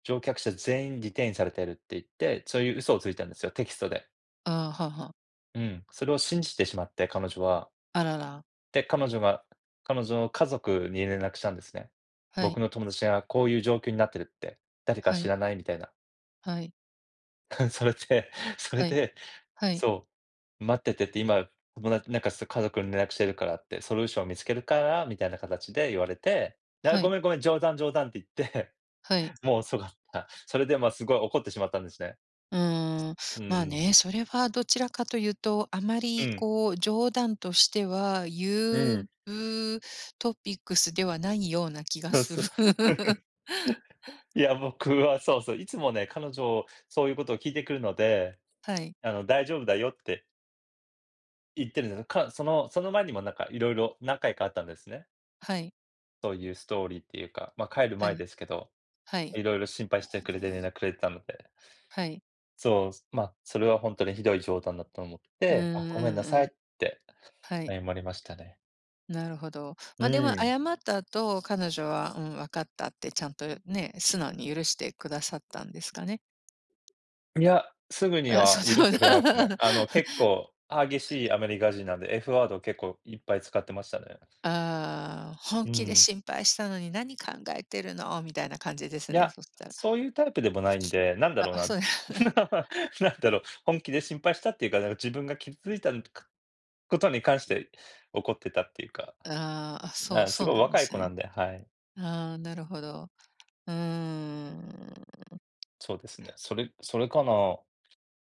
乗客者全員リテインされてるって言って、そういう嘘をついたんですよ、テキストで。ああ、はあはあ。うん。それを信じてしまって、彼女は。あらら。で、彼女が、彼女の家族に連絡したんですね。はい。僕の友達が、こういう状況になってるって、誰かは知い。らない？みたいな。はい。それで、それはい。で、はい。そう、待っててって、今友達なんか、す家族に連絡してるからって、ソリューションを見つけるから、みたいな形で言われて。で「ああ、はごい。めんごめん。冗談冗談」って言って、はい。もう遅かった。それで、まあ、すごい怒ってしまったんですね。うーん。うんうまあん。ね、それはどちらかというと、あまうりん。こう、冗談としてはう言ん。うう、トピックスではないような気がとう、すそる。う。いや、僕は、そうそう、いつもね、彼女、そういうことを聞いてくるので、はい。あの、大丈夫だよって言ってるんです。か、その、その前にもなんか、色々何回かあったんですね。はい。そういうストーリーっていうか、まあ、帰るは前い。ですけど。はい。色々心配してくれて、連絡くれてたので。はい。そう、すまあ、それはほんとに、ひどい冗談だと思っうーて、あ、ん、ごめんなうさんいうっん。てはい。謝りましたね。なるほど。うま、でもーん。謝った後、彼女は、うん、分かったってちゃんとうん。ね、素直に許してくださったんですかね？いや、すぐにあ、そはそ許しんてな。くれなすね。あの、結構激しいアメリカ人なんで、F ワード、結構いっぱい使ってましたね。ああ「本う気でん。心配したのに、何考えてるの」みたいな感じでいすね、や、そしたら。そういうタイプでもないんで。なんだあろうあ、な、そうや。なんだろう、本気で心配したっていうか、だ、自分が傷ついたんかことに関して、怒ってたっていうか。ああ。あ、そうな、すそうごいなんで若いす子なね。んで、はい。ああ、なるほど、うーん。そうですね。それそれかな。